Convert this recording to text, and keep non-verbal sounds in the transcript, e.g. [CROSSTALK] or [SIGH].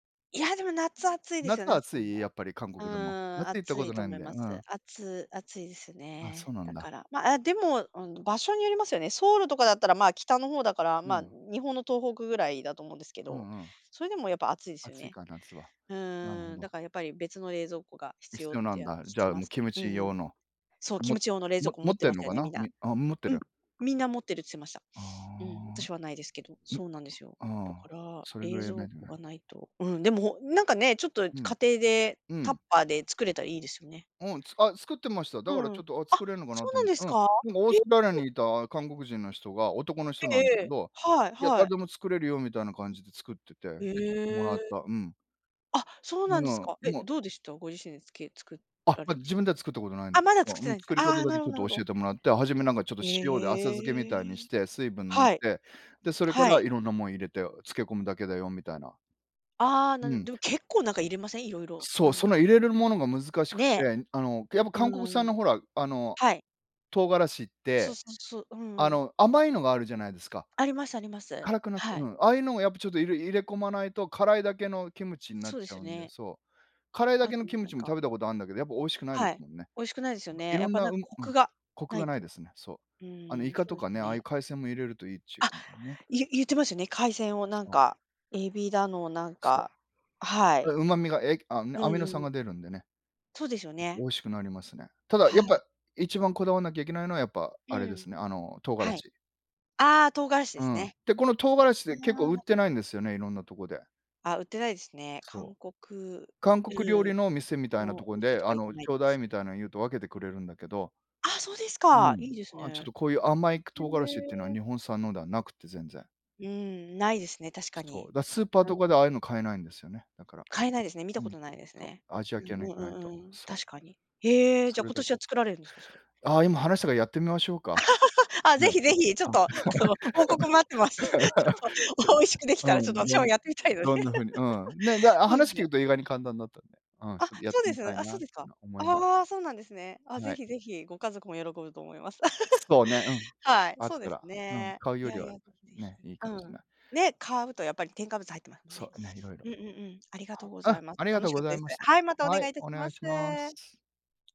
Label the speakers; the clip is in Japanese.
Speaker 1: いや、でも夏暑いです
Speaker 2: 夏
Speaker 1: よね、あそこ
Speaker 2: 暑い？
Speaker 1: も。
Speaker 2: やっぱり韓
Speaker 1: うん、
Speaker 2: 国でも。夏行った
Speaker 1: 暑
Speaker 2: こ
Speaker 1: い
Speaker 2: と
Speaker 1: と
Speaker 2: ない
Speaker 1: 思
Speaker 2: ん
Speaker 1: い
Speaker 2: だよ。
Speaker 1: ま
Speaker 2: う
Speaker 1: す。
Speaker 2: ん。
Speaker 1: あつ暑いです
Speaker 2: あ、そ
Speaker 1: ね。
Speaker 2: うなん
Speaker 1: だ
Speaker 2: だ。
Speaker 1: からま、あ、でも、うん。場所によりますよね。ソウルとかだったら、まあ北の方だから、
Speaker 2: う
Speaker 1: まあ
Speaker 2: ん。
Speaker 1: 日本の東北ぐらいだと思うんですけ
Speaker 2: う
Speaker 1: ど、
Speaker 2: んうん。
Speaker 1: それでもやっぱ暑いですよ
Speaker 2: 暑い
Speaker 1: ね。
Speaker 2: か夏は。
Speaker 1: う
Speaker 2: なるほ
Speaker 1: ーん、だ
Speaker 2: ど。
Speaker 1: からやっぱり別の冷蔵庫が必要っ
Speaker 2: 必要な
Speaker 1: て、
Speaker 2: ん
Speaker 1: あ、
Speaker 2: だ。
Speaker 1: 聞
Speaker 2: じゃ
Speaker 1: き
Speaker 2: あ
Speaker 1: ま
Speaker 2: もう
Speaker 1: す。
Speaker 2: キム
Speaker 1: う
Speaker 2: チ
Speaker 1: んうん。
Speaker 2: 用の。
Speaker 1: そう、キ
Speaker 2: も
Speaker 1: ムチ用の冷蔵
Speaker 2: も
Speaker 1: 庫持
Speaker 2: 持
Speaker 1: っ
Speaker 2: っ
Speaker 1: て
Speaker 2: て
Speaker 1: ま
Speaker 2: ん
Speaker 1: す
Speaker 2: の
Speaker 1: よ
Speaker 2: か
Speaker 1: ね、み
Speaker 2: な？
Speaker 1: んな。
Speaker 2: みあ、持って
Speaker 1: うん。
Speaker 2: る。
Speaker 1: みんな持ってるっつってました。
Speaker 2: あ
Speaker 1: うん。私は無いですけど、
Speaker 2: あ。ん
Speaker 1: そうなんですよ。だか
Speaker 2: ああ、
Speaker 1: ら、
Speaker 2: それぐ
Speaker 1: 冷
Speaker 2: らいや
Speaker 1: 蔵
Speaker 2: んないといけ
Speaker 1: 庫
Speaker 2: ない。
Speaker 1: が無いとうん。でもおなんかね、ちょっと家
Speaker 2: うん、
Speaker 1: 庭で
Speaker 2: う
Speaker 1: タッ
Speaker 2: ん。
Speaker 1: パーで作れたいいですよね。
Speaker 2: おん、つあ、作ってました。だ
Speaker 1: う
Speaker 2: から
Speaker 1: ん。
Speaker 2: ちょっと、あ、
Speaker 1: あ、
Speaker 2: 作れるのかな
Speaker 1: そう
Speaker 2: と
Speaker 1: な
Speaker 2: 思
Speaker 1: ん
Speaker 2: って。
Speaker 1: です
Speaker 2: うん、
Speaker 1: か？
Speaker 2: でもオー
Speaker 1: え、
Speaker 2: ストラリア
Speaker 1: え。
Speaker 2: にいた韓国人の人が、男の人
Speaker 1: え
Speaker 2: な
Speaker 1: え
Speaker 2: んだ
Speaker 1: え
Speaker 2: け
Speaker 1: え、
Speaker 2: ど、
Speaker 1: はい
Speaker 2: いや、
Speaker 1: は
Speaker 2: 誰
Speaker 1: い。
Speaker 2: でも作れるよみたいな感じで作ってて、で、
Speaker 1: へ
Speaker 2: ちょっともらっ
Speaker 1: え。
Speaker 2: た。うん。
Speaker 1: あ、そう
Speaker 2: う
Speaker 1: なんです
Speaker 2: ん、
Speaker 1: か？え、
Speaker 2: ま
Speaker 1: どうでした？ご自身でつけ作
Speaker 2: あ、
Speaker 1: ら
Speaker 2: ま、
Speaker 1: れ
Speaker 2: 自
Speaker 1: て。
Speaker 2: 分では作ったことないんだ
Speaker 1: あ、
Speaker 2: け
Speaker 1: まだ
Speaker 2: ど。
Speaker 1: 作っ
Speaker 2: う
Speaker 1: て
Speaker 2: ん。
Speaker 1: ないんす
Speaker 2: 作
Speaker 1: あ
Speaker 2: り方
Speaker 1: あ、
Speaker 2: だ
Speaker 1: な
Speaker 2: け
Speaker 1: る
Speaker 2: ち
Speaker 1: ほ
Speaker 2: ょ
Speaker 1: ど
Speaker 2: っ
Speaker 1: なる
Speaker 2: と
Speaker 1: ほ
Speaker 2: 教え
Speaker 1: ど。
Speaker 2: てもらって、始めなんかちょっと
Speaker 1: ええ、
Speaker 2: 塩で浅漬けみたいに
Speaker 1: へ
Speaker 2: し
Speaker 1: え。
Speaker 2: て、水分抜い
Speaker 1: はい。
Speaker 2: て。で、それか
Speaker 1: は
Speaker 2: ら
Speaker 1: い。
Speaker 2: 色んなもん入れて、あ、漬け込むだけだよみたいな。
Speaker 1: ああ、な
Speaker 2: う
Speaker 1: ん
Speaker 2: ん。
Speaker 1: でも結構なんか入れません？色々、
Speaker 2: そう。
Speaker 1: なん
Speaker 2: そ
Speaker 1: か
Speaker 2: の入れるものが難しく
Speaker 1: ね。
Speaker 2: て、あの、けやっぱ韓国産
Speaker 1: うん。
Speaker 2: のほら、あの、
Speaker 1: はい。
Speaker 2: 唐辛子っ
Speaker 1: そう
Speaker 2: て、
Speaker 1: そうそう、う
Speaker 2: あ
Speaker 1: ん。
Speaker 2: の甘いのがあるじゃないですか。
Speaker 1: ありますあります。
Speaker 2: 辛くなく
Speaker 1: は
Speaker 2: う
Speaker 1: い。
Speaker 2: ん。ああいうのもやっぱちょっと入れ入れ込まないと、辛いだけのキムチになっ
Speaker 1: そうで
Speaker 2: ちゃ
Speaker 1: すよ
Speaker 2: うんで、
Speaker 1: ね。
Speaker 2: そう。辛いだ
Speaker 1: あ
Speaker 2: けの
Speaker 1: と、
Speaker 2: キム
Speaker 1: なん
Speaker 2: チも
Speaker 1: か
Speaker 2: 食べたことあんだけど、やっぱ美味しくないで
Speaker 1: は
Speaker 2: す
Speaker 1: い、
Speaker 2: もんね。
Speaker 1: 美味しくないですよ
Speaker 2: ま、
Speaker 1: ね。や
Speaker 2: 色
Speaker 1: っ
Speaker 2: ん
Speaker 1: ぱ
Speaker 2: な
Speaker 1: なん
Speaker 2: う
Speaker 1: か
Speaker 2: ん
Speaker 1: コ
Speaker 2: うん。
Speaker 1: クが
Speaker 2: コク
Speaker 1: 無
Speaker 2: が
Speaker 1: い
Speaker 2: ない
Speaker 1: と。
Speaker 2: ですね。そう。
Speaker 1: う
Speaker 2: あの
Speaker 1: ー
Speaker 2: イ
Speaker 1: ん、
Speaker 2: カ
Speaker 1: そ
Speaker 2: と
Speaker 1: うで
Speaker 2: か
Speaker 1: す
Speaker 2: ね、ああいう
Speaker 1: ね。
Speaker 2: 海鮮も入れるといいっちゅ
Speaker 1: あ、
Speaker 2: うもんね。
Speaker 1: ゆ言ってますよね、海鮮をなん
Speaker 2: そう。
Speaker 1: か、エビだのなん
Speaker 2: そ
Speaker 1: か。あ、は
Speaker 2: う。あ、
Speaker 1: い。
Speaker 2: 旨味がえ、あ
Speaker 1: う
Speaker 2: の、ア
Speaker 1: ん
Speaker 2: ミノ
Speaker 1: う
Speaker 2: 酸
Speaker 1: ん。
Speaker 2: が出るんでね。
Speaker 1: そうですよ
Speaker 2: 美
Speaker 1: ね。
Speaker 2: 味しくなりますね。ただ、
Speaker 1: は
Speaker 2: やっ
Speaker 1: い。
Speaker 2: ぱ一番こだわんなきゃいけないのはやっぱ、あれ
Speaker 1: う
Speaker 2: で
Speaker 1: ん。
Speaker 2: すね、あの唐辛
Speaker 1: はい。
Speaker 2: 子。
Speaker 1: ああ、唐辛子で
Speaker 2: う
Speaker 1: す
Speaker 2: ん。
Speaker 1: ね。
Speaker 2: で、この唐辛子
Speaker 1: あ
Speaker 2: で結構売って
Speaker 1: ら
Speaker 2: ないんですよね、色んなとこで。
Speaker 1: あ、売ってないすね。
Speaker 2: そう。
Speaker 1: 韓国、
Speaker 2: 韓国料
Speaker 1: うん。
Speaker 2: 理の店みたいな
Speaker 1: の
Speaker 2: と
Speaker 1: お
Speaker 2: こ
Speaker 1: 店
Speaker 2: で、
Speaker 1: と
Speaker 2: あ
Speaker 1: か行か
Speaker 2: の
Speaker 1: ない
Speaker 2: 頂
Speaker 1: とで
Speaker 2: 戴
Speaker 1: す
Speaker 2: み
Speaker 1: ね。
Speaker 2: たいな言うと分けてくれるんだけど。
Speaker 1: あ、そうです
Speaker 2: う
Speaker 1: か、い
Speaker 2: ん。
Speaker 1: いです
Speaker 2: あ、ちょっ
Speaker 1: ね。
Speaker 2: とこういう甘いく
Speaker 1: へ
Speaker 2: 唐辛子ってのは
Speaker 1: え。
Speaker 2: 日本産のでは無くて全然。
Speaker 1: うん、無いですね、確か
Speaker 2: そ
Speaker 1: に。
Speaker 2: う。だスーパー
Speaker 1: う
Speaker 2: とかで
Speaker 1: ん。
Speaker 2: ああいうの買えないんですよね、だから。
Speaker 1: 買えないですね。見
Speaker 2: う
Speaker 1: たこ
Speaker 2: ん。
Speaker 1: とないです
Speaker 2: そう、
Speaker 1: ね。
Speaker 2: アジア
Speaker 1: う
Speaker 2: 系の
Speaker 1: ん
Speaker 2: 行
Speaker 1: うん
Speaker 2: かない
Speaker 1: うん
Speaker 2: と。
Speaker 1: うん。
Speaker 2: そう。
Speaker 1: 確かに。へえ、じ
Speaker 2: そ
Speaker 1: ゃ
Speaker 2: れ
Speaker 1: 今
Speaker 2: だ
Speaker 1: 年は作られるんですか？それ。
Speaker 2: ああ、今話したからやってみましょうか。
Speaker 1: [LAUGHS] あ、是
Speaker 2: ね、
Speaker 1: 非是非。ちょっ
Speaker 2: あ
Speaker 1: と、あの、報告待ってます。ちょっと、美味しく出来
Speaker 2: [LAUGHS] で
Speaker 1: たら、
Speaker 2: う
Speaker 1: ちょっと
Speaker 2: ん。
Speaker 1: 私
Speaker 2: ど
Speaker 1: も
Speaker 2: ん
Speaker 1: やってみたいので。
Speaker 2: どんな風にうん。ね、だあ、
Speaker 1: [LAUGHS] そうで
Speaker 2: 話
Speaker 1: す
Speaker 2: き
Speaker 1: ね。
Speaker 2: うと意外に簡単だったんで。うん。ち
Speaker 1: あ、
Speaker 2: ょっとやって
Speaker 1: そうで
Speaker 2: み
Speaker 1: す
Speaker 2: た
Speaker 1: ね。
Speaker 2: い
Speaker 1: あ、
Speaker 2: な
Speaker 1: そう
Speaker 2: っ
Speaker 1: です
Speaker 2: て
Speaker 1: か。
Speaker 2: のは思い
Speaker 1: ああ、そうなんですね。あ、
Speaker 2: は
Speaker 1: 是
Speaker 2: い。
Speaker 1: 非是非。ご家族も喜ぶと思います。
Speaker 2: そうね、うん、
Speaker 1: [LAUGHS]
Speaker 2: く、
Speaker 1: はい、
Speaker 2: あっ
Speaker 1: そう
Speaker 2: た
Speaker 1: です
Speaker 2: ら、うん、
Speaker 1: ね。
Speaker 2: 買う
Speaker 1: い
Speaker 2: よ
Speaker 1: や
Speaker 2: り
Speaker 1: い
Speaker 2: は
Speaker 1: や、是非是非。
Speaker 2: ね、いい
Speaker 1: う
Speaker 2: かもしん
Speaker 1: ん。
Speaker 2: な
Speaker 1: ね、買うとやっぱり添加物入ってまふんね。
Speaker 2: そうね、色々
Speaker 1: うんうんうん。ありがとう
Speaker 2: は
Speaker 1: ござ
Speaker 2: あ、
Speaker 1: います。
Speaker 2: ありが
Speaker 1: 楽
Speaker 2: とう
Speaker 1: しか
Speaker 2: ご
Speaker 1: った
Speaker 2: ざい
Speaker 1: です。
Speaker 2: ました。
Speaker 1: はい、またお
Speaker 2: は
Speaker 1: 願
Speaker 2: い、
Speaker 1: いいた
Speaker 2: お
Speaker 1: しま
Speaker 2: 願い
Speaker 1: す。
Speaker 2: します。